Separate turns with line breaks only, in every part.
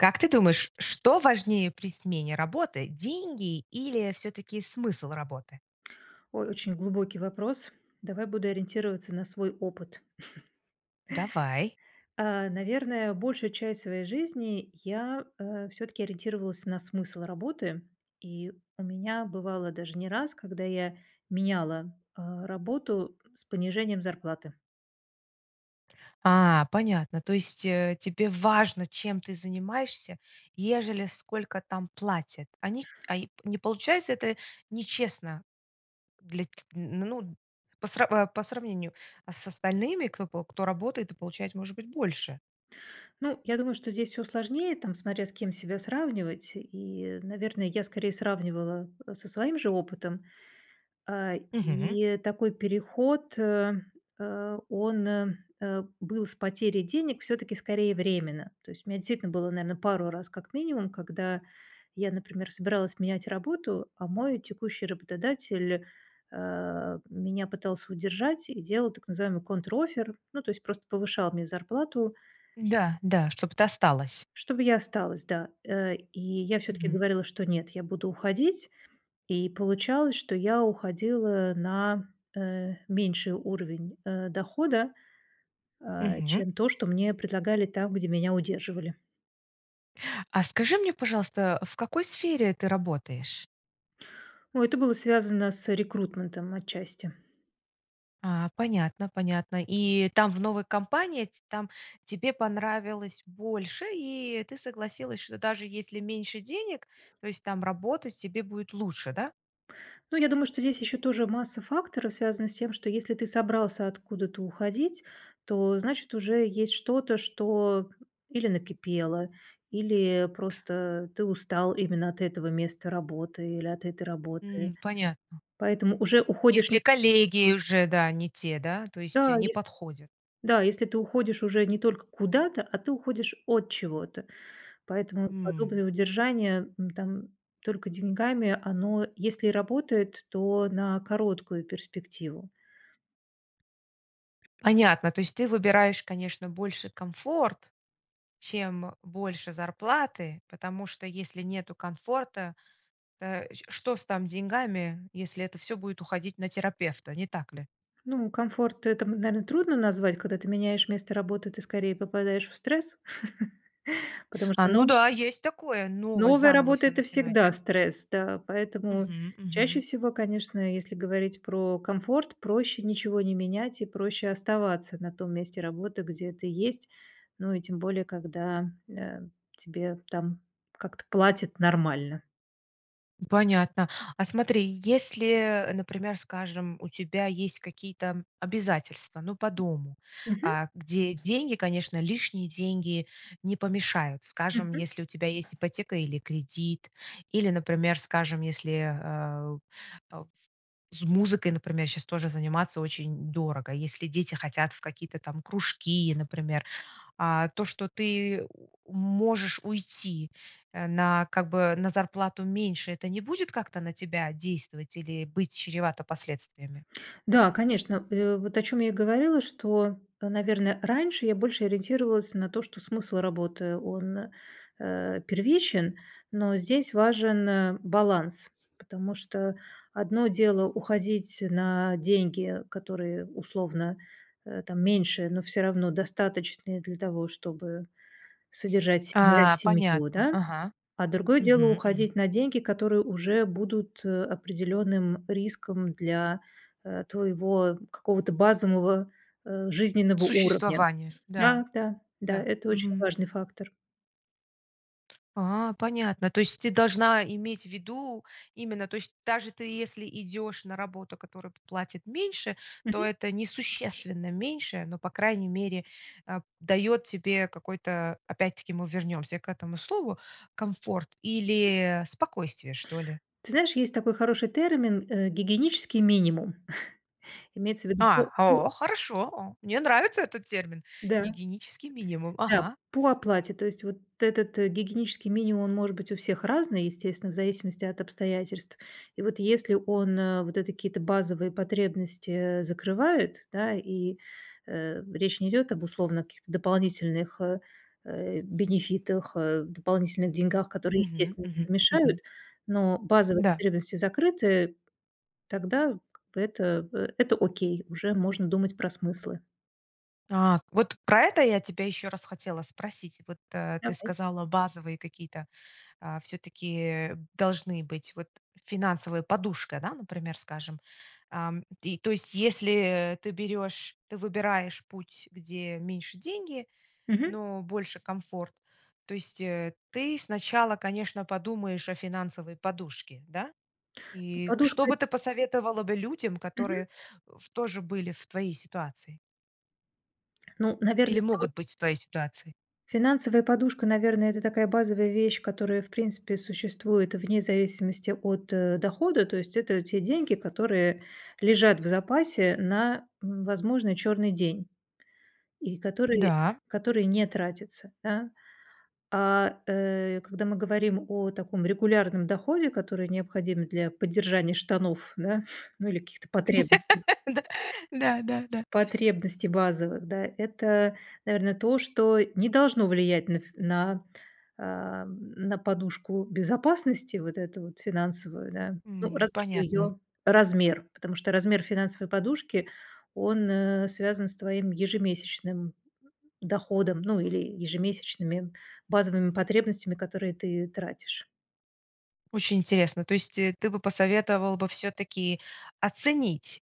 Как ты думаешь, что важнее при смене работы: деньги или всё-таки смысл работы?
Ой, очень глубокий вопрос. Давай буду ориентироваться на свой опыт.
Давай.
А, наверное, большую часть своей жизни я, э, всё-таки ориентировалась на смысл работы, и у меня бывало даже не раз, когда я меняла, а, работу с понижением зарплаты.
А. Понятно. То есть, э, тебе важно, чем ты занимаешься, ежели сколько там платят. Они а и не получается это нечестно для ть н ну по сра а, по сравнению, а, с остальными, кто по кто работает и получает, может быть, больше.
Ну, я думаю, что здесь всё сложнее, там смотря с кем себя сравнивать. И, наверное, я скорее сравнивала, э, со своим же опытом. А,
Мгм.
и такой переход, э, а, он, э, э, был с потерей денег всё-таки скорее временно. То есть у меня действительно было, наверно, пару раз как минимум, когда я, например, собиралась менять работу, а мой текущий работодатель, а, меня пытался удержать и делал так называемый контроффер- ну, то есть просто повышал мне зарплату
Да, да, чтобы ты осталась.
чтобы я осталась, да. Э, и я всё-таки
Мгм.
говорила, что нет, я буду уходить, и получалось, что я уходила на, э, меньший уровень, э, дохода, а,
Мгм.
чем то, что мне предлагали там где меня удерживали.
А скажи мне, пожалуйста, э, в какой сфере ты работаешь?
О, это было связано с рекрутментом отчасти.
А, понятно, понятно. И там, в новой компании, ть там тебе понравилось больше и ты согласилась, что даже если меньше денег, то есть там работать тебе будет лучше, да?
Ну, я думаю, что здесь еще тоже масса факторов связана с тем, что если ты собрался откуда-то уходить, то, значит, уже есть что-то, что или накипело, или просто ты устал именно от этого места работы, или от этой работы.
М, понятно.
Поэтому уже уходишь не
Если коллеги уже, да, не те, да, то есть, э,
Да,
не
если,
подходят.
да если ты уходишь уже не только куда-то, а ты уходишь от чего-то. Поэтому
М.
подобное удержание, м, там только деньгами- оно, если и работает, то на короткую перспективу.
Понятно. То есть ты выбираешь, конечно, больше комфорт, чем больше зарплаты, потому что, если нету комфорта, э, ч что с там деньгами, если это всё будет уходить на терапевта, не так ли?
Ну, комфорт- это, м, наверно, трудно назвать, когда ты меняешь место работы, ты скорее попадаешь в стресс, потому
А,
что
ну
нов
да, есть такое. Новое,
новая
заново
работа-
всё
это
начинать,
всегда
да?
стресс. Да. Поэтому
Мгм.
чаще
Мгм.
всего, конечно, если говорить про комфорт, проще ничего не менять и проще оставаться на том месте работы, где ты есть, ну и тем более, когда, э, тебе там как-то платят нормально.
М, понятно. А смотри, если, например, скажем, у тебя есть какие-то обязательства, ну, по дому,
Мгм.
э, где деньги, конечно, лишние деньги не помешают. Скажем,
Мгм.
если у тебя есть ипотека или кредит, или, например, скажем, если, э, э, с музыкой, например, щас тоже заниматься очень дорого, если дети хотят в какие-то там кружки, например. А то, что ты можешь уйти, э, на как бы на зарплату меньше, это не будет как-то на тебя действовать или быть чревато последствиями?
Да, конечно. Э, вот о чём я и говорила, что, э, наверно, раньше я больше ориентировалась на то, что смысл работы, он, э, первичен. Но здесь важен, э, баланс, потому что одно дело- уходить на деньги, которые условно, э, там, меньше, но всё равно достаточные для того, чтобы содержать себя и
А,
семью,
понятно,
да?
ага.
А другое дело-
Мгм,
уходить
мгм.
на деньги, которые уже будут, э, определенным риском для, э, твоего какого-то базового, э, жизненного уровня.
Существование, да.
Да, да, да,
Да,
это очень
мгм.
важный фактор.
А, понятно. То есть ты должна иметь в виду, именно, то есть даже ты если идешь на работу, которая платит меньше,
Мгм.
то это несущественно меньше, но по крайней мере, а, п дает тебе какой-то, опять-таки мы вернемся к этому слову, комфорт, или спокойствие, что ли.
Ты знаешь есть такой хороший термин, э, гигиенический минимум, имеется ввиду по
А,
по
о, хорошо! О, мне нравится этот термин-
Да,
гигиенический минимум.
Да,
Ага.
по оплате. То есть вот этот, э, гигиенический минимум он может быть у всех разный, естественно, в зависимости от обстоятельств. И вот если он, а, вот эти какие-то базовые потребности, э, закрывает, да, и, э, речь не идет об условно каких-то дополнительных, э, э, бенефитах, э, дополнительных деньгах, которые
Мгм
естественно не
мгм
помешают,
мгм.
но базовые
Да.
потребности закрыты, тогда как бы это это окей, уже можно думать про смыслы.
А, вот про это я тебя еще раз хотела спросить. Вот, а, ты
Давай.
сказала базовые какие-то, а все-таки, э, должны быть вот финансовая подушка, да, например, скажем, ам, и то есть если, э, ты берешь, ты выбираешь путь, где меньше деньги,
Мгм.
но больше комфорт, то есть, э, ты сначала, конечно, подумаешь о финансовой подушке, да, и что
Подушка [unintelligible]
бы ты посоветовала бы людям,
Мгм.
которые ф тоже были в твоей ситуации?
Ну,
Или
наверное, про
могут быть в твоей ситуации?
Финансовая подушка, наверное, это такая базовая вещь, которая, в принципе, существует вне зависимости от, э, дохода. То есть это те деньги, которые лежат в запасе на, м, возможный черный день и которые
Да.
которые не тратятся, да? А, э, когда мы говорим о таком регулярном доходе, который необходим для поддержания штанов, да, ну, или каких-то потребностей
Да да да да.
потребностей базовых, да, это, наверно, то, что не должно влиять на ф на ам, на подушку безопасности вот эту вот финансовую, да. Ну,
М.
разве что
Понятно.
её размер, потому что размер финансовой подушки, он, э, связан с твоим ежемесячным доходом, ну, или ежемесячными базовыми потребностями, которые ты тратишь.
Очень интересно. То есть, э, ты бы посоветовал бы всё-таки оценить,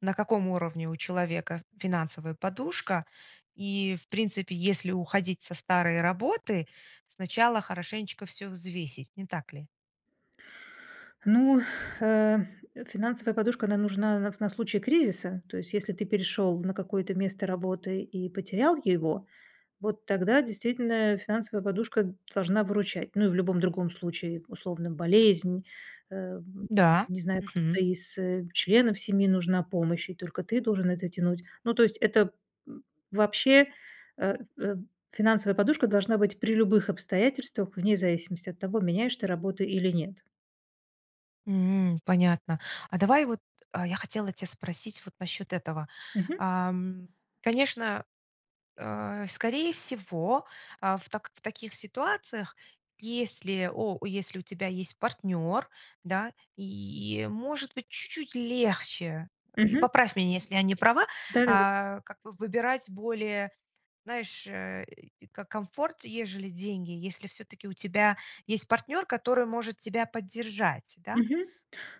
на каком уровне у человека финансовая подушка, и, в принципе, если уходить со старой работы, сначала хорошенечко всё взвесить, не так ли?
Ну, э, финансовая подушка, она нужна на вс на случай кризиса. То есть если ты перешел на какое-то место работы и потерял его, вот тогда действительно финансовая подушка должна выручать. Ну, и в любом другом случае, условно, болезнь, э,
Да.
не знаю,
Мгм.
кто-то из, э, членов семьи, нужна помощь, и только ты должен это тянуть. Ну, то есть это, м, вообще, э, эм, финансовая подушка должна быть при любых обстоятельствах, вне зависимости от того, меняешь ты работу или нет.
М. Понятно. А давай вот, э, я хотела тя спросить вот насчет этого.
Мгм.
Ам, конечно, э, скорее всего, э, в так в таких ситуациях, если о если у тебя есть партнер, да, и, может быть, чуть-чуть легче, и
Мгм.
поправь меня, если я не права,
Да, да, да.
а, как бы выбирать более, знаешь, э, и ко комфорт, ежели деньги, если всё-таки у тебя есть партнер, который может тебя поддержать, да?
Мгм.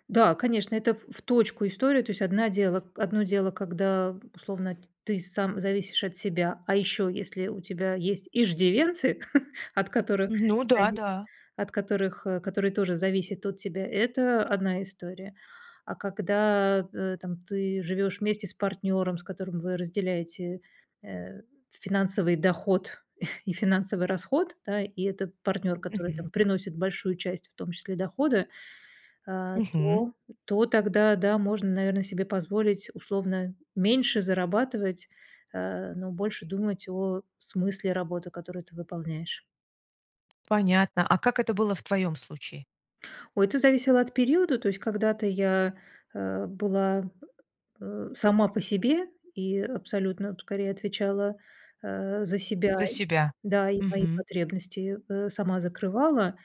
Да, конечно, это в в точку история. То есть одна дело одно дело, когда условно т ты сам зависишь от себя. А еще, если у тебя есть иждивенцы, от которых
Ну да,
зависит
да.
от которых э, которые тоже зависят от тебя, это одна история. А когда, э, там ты живешь вместе с партнером, с которым вы разделяете, э, финансовый доход и финансовый расход, да, и это партнер, который
Мгм.
там приносит большую часть в том числе дохода, э,
Мгм.
то то тогда, да, можно, наверно, себе позволить условно меньше зарабатывать, э, но больше думать о смысле работы, которую ты выполняешь.
Понятно. А как это было в твоем случае?
Ой, это зависело от периода, то есть когда-то я, э, была э, сама по себе, и абсолютно скорее отвечала, э, за себя
За
и
себя.
Да, и свои
Мгм.
потребности, э, сама закрывала.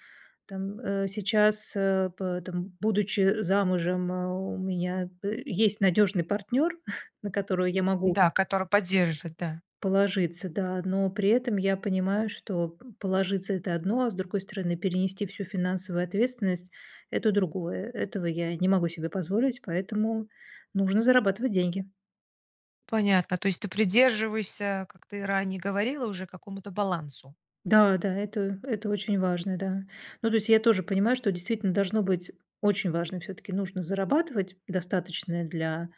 Там, э, сейчас, э, п это, м, будучи замужем, э, у меня е есть надежный партнер, на которого я могу
Да, который поддерживает, да.
положиться, да, но при этом я понимаю, что п положиться- это одно, а с другой стороны перенести всю финансовую ответственность- это другое. Этого я не могу себе позволить, поэтому нужно зарабатывать деньги.
Понятно, то есть ты придерживаешься, как ты ранее говорила уже, какому-то балансу?
Да, да, это это очень важно, да, ну то есть я тоже понимаю, что действительно должно быть очень важно, всё-таки нужно зарабатывать, достаточное для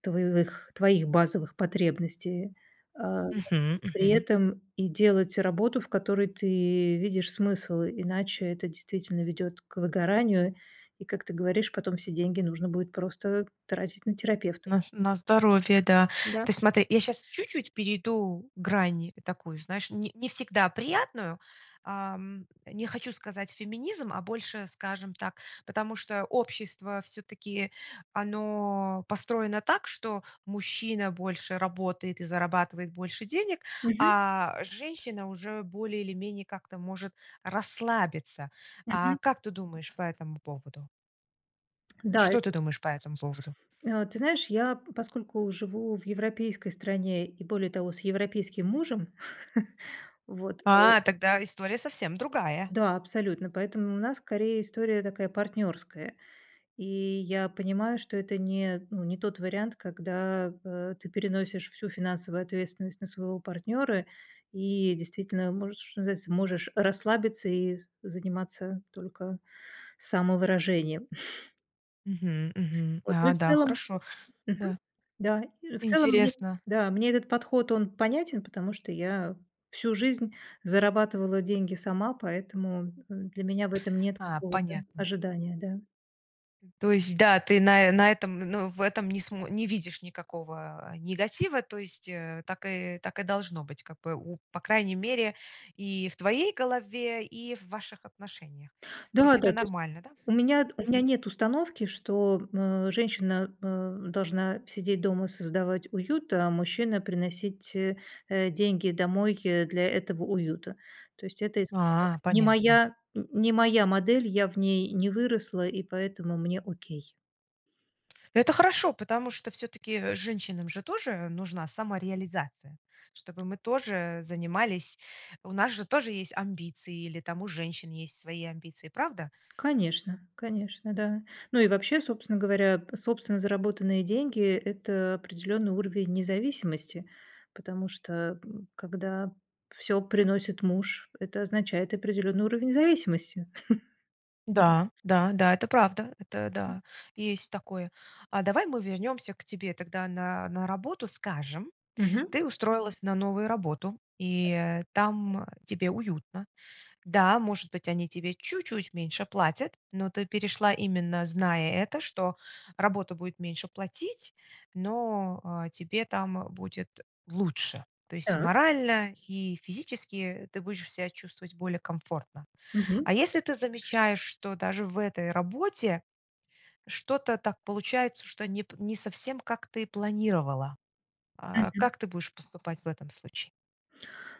твоевых твоих базовых потребностей, а,
Мгм
при
мгм.
этом и делать работу, в которой ты видишь смысл, иначе это, действительно, ведет к выгоранию и, как ты говоришь, потом все деньги нужно будет просто тратить на терапевта.
На на здоровье, да.
Да.
Ты смотри, я сейчас чуть-чуть перейду грань такую, знаешь, не не всегда приятную. Ам, не хочу сказать феминизм, а больше скажем так. Потому что общество, всё-таки, оно построено так, что мужчина больше работает, и зарабатывает больше денег,
Мгм.
а женщина уже более или менее как-то может расслабиться. А
Мгм.
как ты думаешь по этому поводу?
Да,
Что ты
это
думаешь по этому поводу?
Э, ты знаешь, я поскольку живу в европейской стране, и более того с европейским мужем, вот, э
А, тогда история совсем другая.
Да, абсолютно, поэтому у нас скорее история такая, партнерская, и я понимаю, что это не ну, не тот вариант, когда, э, ты переносишь всю финансовую ответственность на своего партнера и действительно можешь, что называется, можешь расслабиться и з заниматься только самовыражением.
Мгм мгм.
Вот, ну, и
А,
в
да,
целом
хорошо.
Мгм,
Да.
да. В целом мне этот
Интересно.
да, мне этот подход, он понятен, потому что я всю жизнь зарабатывала деньги сама, поэтому для меня в этом нет
А,
какого-то
понятно.
ожидания, да.
М. То есть, да, ты на, э, на этом, н ну, в этом не смо не видишь никакого, э, негатива, то есть, э, так и так и должно быть. Как бы у по крайней мере и в твоей голове, и в ваших отношениях. То
Да,
есть-
да.
это
То есть
нормально, да?
у меня у меня
Мгм.
нет установки, что, м, женщина, э, должна сидеть дома создавать уют, а мужчина приносить, э, э, деньги домой для этого уюта. То есть это история
А,
не
понятно.
моя, н не моя модель, я в ней не выросла, и поэтому мне окей.
Это хорошо, потому что всё-таки, э, женщинам же тоже нужна самореализация, чтобы мы тоже занимались у нас же тоже есть амбиции, или там у женщин есть свои амбиции, правда?
Конечно, конечно, да. Ну и вообще, собственно говоря, собственно заработанные деньги- это определенный уровень независимости, потому что, м, когда всё приносит муж- это означает определенный уровень зависимости.
Да, да-да, это правда. Это, да, есть такое. А давай мы вернемся к тебе тогда на на работу. Скажем,
Мгм.
ты устроилась на новую работу,
Да.
и, э, там тебе уютно. Да, может быть, они тебе чуть-чуть меньше платят, но ты перешла именно зная это, что работа будет меньше платить, но, э, тебе там будет лучше. То есть и
Так.
морально, и физически ты будешь себя чувствовать более комфортно.
Мгм.
А если ты замечаешь, что даже в этой работе что-то так получается, что не п не совсем, как ты планировала, а,
Мгм.
как ты будешь поступать в этом случае?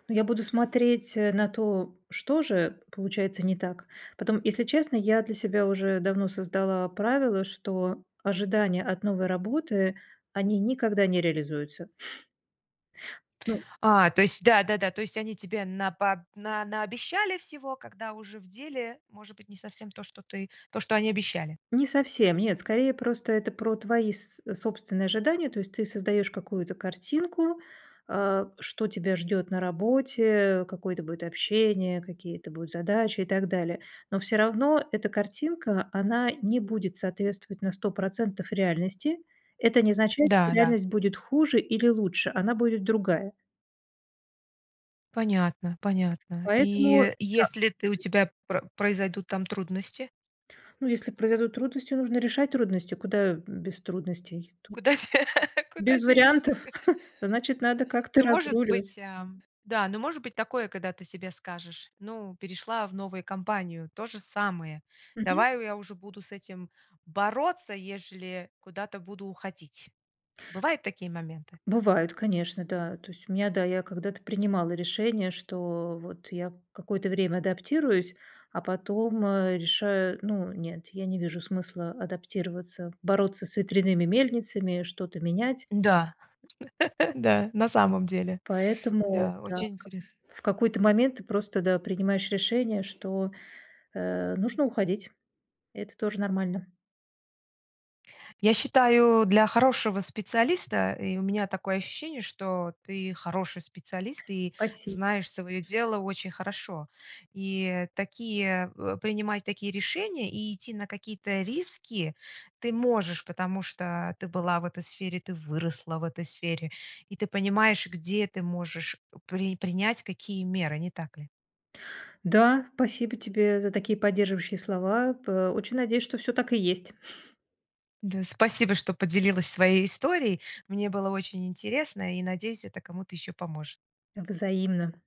Ну, я буду смотреть на то, что же получается не так. Потом, если честно, я для себя уже давно создала правило, что ожидания от новой работы, они никогда не реализуются. Ну
А, то есть да-да-да, то есть они тебе на па на наобещали всего, когда уже в деле, может быть, не совсем то, что ты то, что они обещали.
Не совсем, нет, скорее просто это про твои с собственные ожидания, то есть ты создаешь какую-то картинку, э, что тебя ждет на работе, какое-то будет общение, какие-то будут задачи, и так далее. Но все равно эта картинка, она не будет соответствовать на 100 % реальности. Это не означает, что
Да-да.
реальность будет хуже или лучше, она будет другая.
Понятно понятно.
Поэтому,
И
да.
если ты у
[unintelligible]
тебя про произойдут там трудности?
Ну, если произойдут трудности, нужно решать трудности. Куда, м, без трудностей? Тут
Куда де куда
без
денешься,
вариантов.
скажи?
Значит надо как-то
Ну, может
разруливать.
быть, ам, да, ну, может быть такое, когда ты себе скажешь: "Ну, перешла в новую компанию- то же самое.
Мгм.
Давай я уже буду с этим бороться, ежели куда-то буду уходить". Бывают такие моменты?
Бывают, конечно, да. То есть у меня, да, я когда-то принимала решение, что вот я какое-то время адаптируюсь, а потом, э, решаю. Ну нет, я не вижу смысла адаптироваться, бороться с ветряными мельницами, что-то менять.
Да, да, на самом деле.
Поэтому,
Да,
да,
очень
в ка
интересно.
в какой-то момент ты просто, да, принимаешь решение, что, э, нужно уходить и это тоже нормально.
Я считаю, для хорошего специалиста, и у меня такое ощущение, что ты хороший специалист, и
Спасибо.
знаешь свое дело очень хорошо, И, э, такие э, принимать такие решения, и идти на какие-то риски ты можешь, потому что, э, ты была в этой сфере, ты выросла в этой сфере, и ты понимаешь, где ты можешь при принять какие меры, не так ли?
Да, спасибо тебе за такие поддерживающие слова, пэ очень надеюсь что всё так и есть.
Да, спасибо, что поделилась своей историей, мне было очень интересно, и, надеюсь, это кому-то еще поможет.
Взаимно.